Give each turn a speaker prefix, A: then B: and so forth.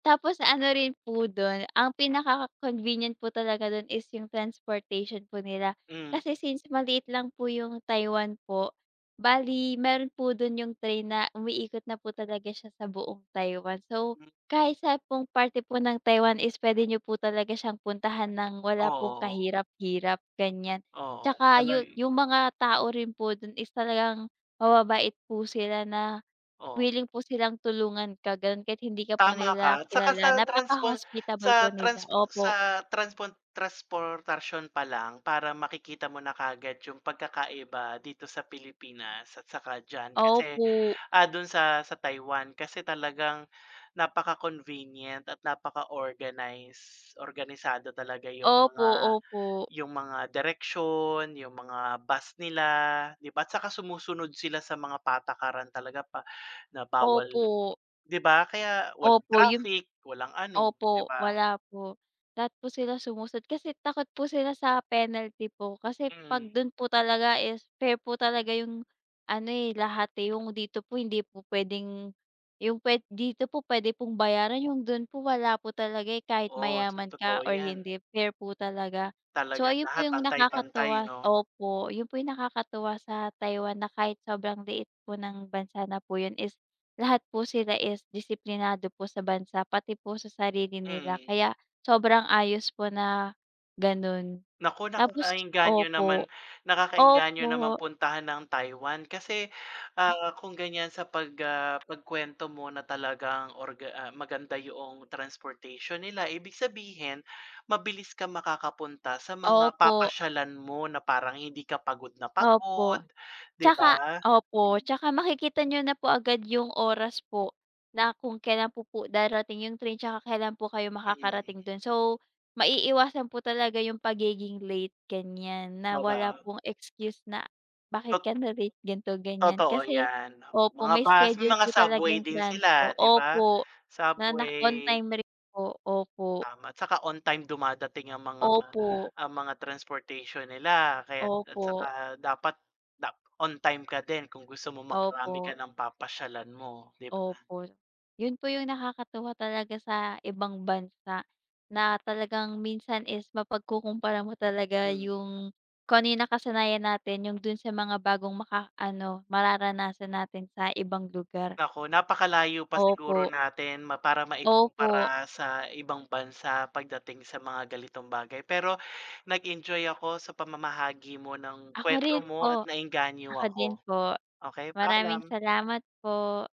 A: Tapos ano rin po do'n, ang pinaka-convenient po talaga dun is yung transportation po nila.
B: Hmm.
A: Kasi since maliit lang po yung Taiwan po, bale meron po dun yung train na umiikot na po talaga siya sa buong Taiwan. So,
B: Hmm.
A: kahit saan pong parte po ng Taiwan is puwede niyo po talaga siyang puntahan ng wala pong
B: Oo.
A: kahirap-hirap, ganiyan.
B: Oo,
A: Tsaka yun,
B: unlike
A: yung mga tao rin po dun is talagang mababait po sila, na
B: Oh.
A: wiling po silang tulungan ka, ganun, kahit hindi ka po
B: Tama
A: nila
B: ka. Tsaka
A: kilala.
B: sa transpon
A: Napaka-hospitable
B: sa
A: po nila,
B: trans
A: opo.
B: sa transpon trasportasyon pa lang, parang makikita mo na kaagad yung pagkakaiba dito sa Pilipinas at saka diyan. Kasi,
A: Opo.
B: ah, dun sa sa Taiwan, kasi talagang napaka-convenient at napaka-organize. Organisado talaga yung
A: Opo,
B: mga
A: opo.
B: yung mga direksyon, yung mga bus nila, 'di ba at tsaka sumusunod sila sa mga patakaran talaga pa na bawal
A: Opo.
B: 'di ba, kaya walang
A: Opo yung
B: traffic, walang ano, 'di
A: opo,
B: ba?
A: wala po. Lahat po sila sumusunod kasi takot po sila sa penalty po. Kasi 'pag
B: Mm.
A: dun po talaga is fair po talaga yung ano, eh, lahat, eh. Yung dito po hindi po puwedeng, yung puwe dito po puwede pong bayaran. Yung dun po wala po talaga, eh, kahit
B: Oh, so
A: mayaman ka
B: totoo
A: or
B: 'yan.
A: hindi, fair po talaga. So,
B: Talaga,
A: ayun po
B: lahat
A: yung
B: pantay-pantay
A: nakakatuwa.
B: 'no.
A: Opo, yun po yung nakakatuwa sa Taiwan na kahit sobrang liit po ng bansa na po yun is lahat po sila is disiplinado po sa bansa, pati po sa sarili nila.
B: Mm.
A: Kaya sobrang ayos po na ganun.
B: Naku, naku,
A: Tapos
B: naeengganyo
A: opo,
B: naman nakakaengganyo naman
A: opo.
B: puntahan ang Taiwan. Kasi,
A: Ah.
B: ah, kung ganIyan sa pag ah, pag-kuwento mo na talagang orga ah, maganda yuong transportation nila, ibig sabihin mabilis kang makakapunta sa mga
A: Opo.
B: papasyalan mo, na parang hindi ka pagod na pagod,
A: Opo,
B: 'di
A: tsaka
B: ba?
A: opo,
B: Hmm.
A: tsaka makikita niyo na po agad yung oras po, na kung kailan po po darating yung train tsaka kailan po kayo
B: Mm.
A: makakarating 'don. So, maiiwasan po talaga yung pagiging late, ganiyan na
B: Totoo
A: wala
B: ba?
A: pong excuse na, bakit
B: Tot
A: ka na-late ganito, ganiyan,
B: Totoo
A: kasi
B: 'yan.
A: opo,
B: Mga
A: may
B: bus, may
A: schedule
B: mga
A: po talaga
B: subway
A: yung
B: din
A: transpo.
B: sila, 'di ba?
A: Opo, na na on
B: Subway
A: time rin po, opo.
B: Tama. Tsaka on time dumadating 'yang mga,
A: Opo.
B: ang mga transportation nila kaya at tsaka
A: Opo.
B: dapat dap on time ka din kung gusto mong makarami ka
A: Opo.
B: ng papasyalan mo, 'di ba?
A: Opo. Yun po yung nakakatuwa talaga sa ibang bansa, na talagang minsan is mapagkukompara mo talaga
B: Hmm.
A: yung kung ano yung nakasanayan natin, yung dun sa mga bagong makaano, mararanasan natin sa ibang lugar.
B: Naku, napakalayo pa siguro
A: Opo.
B: natin ma para maib
A: Opo.
B: kumpara sa ibang bansa pagdating sa mga ganitong bagay. Pero nag-enjoy ako sa pamamahagi mo ng
A: Ako rin
B: kuwento mo at
A: po.
B: naengganyo
A: Ako din
B: ako,
A: po.
B: okey,
A: Maraming
B: paalam.
A: salamat po.